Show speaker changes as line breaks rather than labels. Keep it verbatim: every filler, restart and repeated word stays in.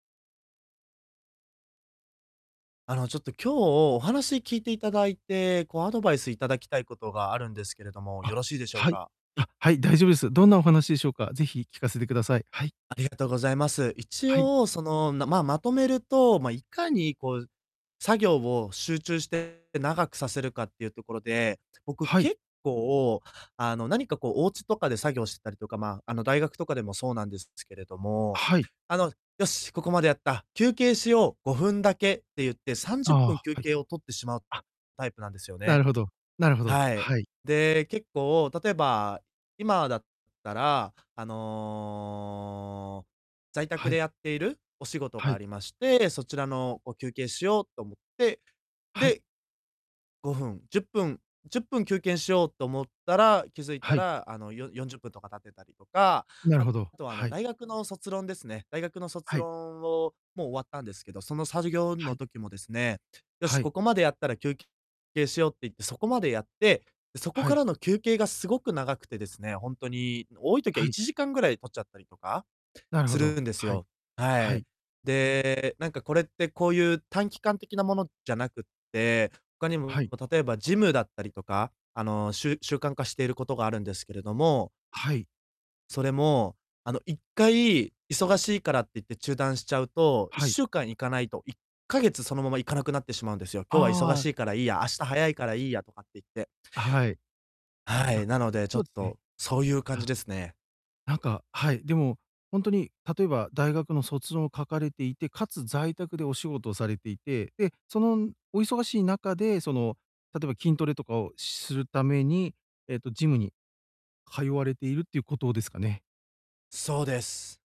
あのちょっと今日お話聞いていただいて、こうアドバイスいただきたいことがあるんですけれども、
あ、
よろしいでしょう
はい。
か？
あ、はい、大丈夫です。どんなお話でしょうか？是非聞かせてください。はい。
ありがとうございます。一
はい。
応、その、まあ、まとめると、ま、いかにこう作業を集中して長くさせるかっていうところで、僕
はい。
結構、あの、何かこうお家とかで作業してたりとか、まあ、あの大学とかでもそうなんですけれども、
はい。
あの、「よし、ここまでやった、休憩しよう、ごふんだけ」って言って、さんじ
あ
ゅっ
あ、
ぷん
は
休
はい。
憩を取ってしまう
あ。
タイプなんですよ
な
ね。
るほど。なるほど。
はい。
はい。
で、結構、例えば、今だったら、あの、在宅
は
で
い。
やっているお仕事
は
があ
い。
りまして、そちらの、こう、休憩しようと思って
はい。
でごふん、じゅっぷん、じゅっぷんきゅうけんしようと思ったら、気づい
は
た
い。
ら、あの、よよんじゅっぷんとか経ってたりとか。
なるほど、
あとはあの、
はい。
大学の卒論ですね。大学の卒
はい。
論を、もう終わったんですけど、そのさじぎょう
は
の
い。
時もですね、「よ
は
し、こ
い。
こまでやったら休憩しよう」って言って、そこまでやって、で、そこ
は
か
い。
らの休憩がすごく長くてですね、ほんとに多い時は
は
い
い。
ちじかんぐらい取っちゃったりとか、
なるほ
す
ど。
るんです
はい。
よ。は
は
い。
い。
で、なんかこれってこういう短期間的なものじゃなくて、他に
は
も
い。
例えばジムだったりとか、あのしゅ習慣化していることがあるんですけれども
はい。
それも、あの、いっかい忙しいからって言って中断しちゃうと、いっ
はい。
しゅうかん行かないと、いっかげつそのまま行かなくなってしまうんですよ。「今日は忙
ああ。
しいからいいや、明日早いからいいや」とかって言って。
はい。
は
あ、
い、なので、ちょ
そう
っ
ですね。
とそういう感
あ、
じですね。
なんか、はい、でも、ほんとに例えば大学の卒論を書かれていて、かつ在宅でお仕事をされていて、で、そのお忙しい中でその、例えば筋トレとかをしするために、えっと、ジムに通われているっていうことですかね？
そうです。